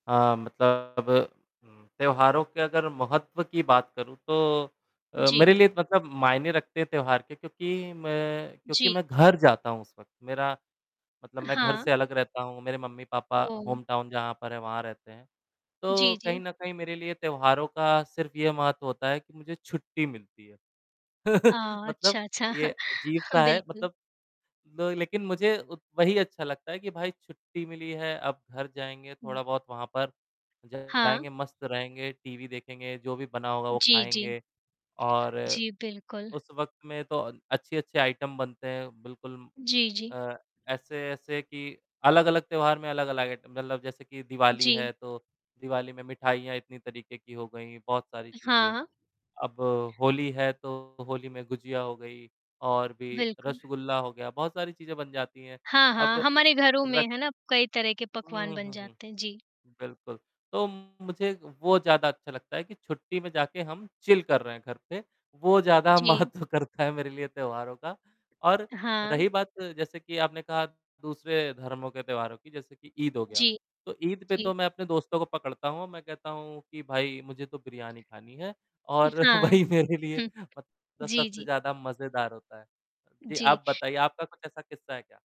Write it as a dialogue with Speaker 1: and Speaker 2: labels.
Speaker 1: हाँ, मतलब त्योहारों के अगर महत्व की बात करूँ तो अ,
Speaker 2: जी।
Speaker 1: मेरे लिए मतलब मायने रखते हैं, त्योहार के क्योंकि मैं क्योंकि
Speaker 2: जी।
Speaker 1: मैं घर जाता हूँ उस वक़्त, मेरा मतलब, मैं घर से
Speaker 2: हाँ।
Speaker 1: अलग रहता हूँ, मेरे मम्मी-पापा
Speaker 2: ओ।
Speaker 1: होम टाउन जहाँ पर हैं, वहाँ रहते हैं, तो
Speaker 2: जी,
Speaker 1: कहीं
Speaker 2: जी।
Speaker 1: न कहीं मेरे लिए त्योहारों का सिर्फ़ ये महत्व होता है कि मुझे छुट्टी मिलती है।
Speaker 2: अ,
Speaker 1: मतलब
Speaker 2: अच्छा, अच्छा।
Speaker 1: ये अजीब-सा है
Speaker 2: बिल्कुल।
Speaker 1: मतलब लो लेकिन मुझे उत वही अच्छा लगता है कि भाई छुट्टी मिली है, अब घर जाएँगे
Speaker 2: हुँ।
Speaker 1: थोड़ा-बहुत वहाँ पर
Speaker 2: हाँ।
Speaker 1: जाएँगे मस्त रहेंगे, टीवी देखेंगे, जो भी बना होगा वो
Speaker 2: जी, जी।
Speaker 1: खाएँगे। और
Speaker 2: जी, बिल्कुल।
Speaker 1: उस वक़्त में तो अ, अच्छी-अच्छी आइटम बनते हैं बिल्कुल
Speaker 2: जी, जी।
Speaker 1: अ, ऐसे-ऐसे कि अलग-अलग त्योहार में अलग-अलग आइटम मतलब जैसे कि दिवाली
Speaker 2: जी।
Speaker 1: है, तो दिवाली में मिठाइयाँ इतनी तरीके की हो गईं, बहुत सारी चीज़ें।
Speaker 2: हाँ।
Speaker 1: अब होली है तो होली में गुजिया हो गई और भी
Speaker 2: बिल्कुल।
Speaker 1: रसगुल्ला हो गया, बहुत सारी चीज़ें बन जाती हैं।
Speaker 2: हाँ, हाँ।
Speaker 1: अब
Speaker 2: हमारे घरों में
Speaker 1: रक
Speaker 2: है ना, कई तरह के पकवान
Speaker 1: हुँ,
Speaker 2: बन
Speaker 1: हुँ, हुँ,
Speaker 2: जाते हैं। जी।
Speaker 1: बिल्कुल। तो मुझे वो ज़्यादा अच्छा लगता है कि छुट्टी में जाके हम चिल कर रहे हैं घर पे, वो ज़्यादा
Speaker 2: जी।
Speaker 1: महत्व करता है मेरे लिए त्योहारों का। और
Speaker 2: हाँ।
Speaker 1: रही बात जैसे कि आपने कहा दूसरे धर्मों के त्योहारों की जैसे कि ईद हो गया,
Speaker 2: जी,
Speaker 1: तो ईद पे
Speaker 2: जी।
Speaker 1: तो मैं अपने दोस्तों को पकड़ता हूँ, मैं कहता हूँ कि, "भाई मुझे तो बिरयानी खानी है" और
Speaker 2: हाँ।
Speaker 1: वही मेरे लिए
Speaker 2: हुँ।
Speaker 1: मतलब
Speaker 2: जी,
Speaker 1: सबसे
Speaker 2: जी।
Speaker 1: ज़्यादा मज़ेदार होता है। जी,
Speaker 2: जी।
Speaker 1: आप बताइए आपका कुछ ऐसा किस्सा है क्या?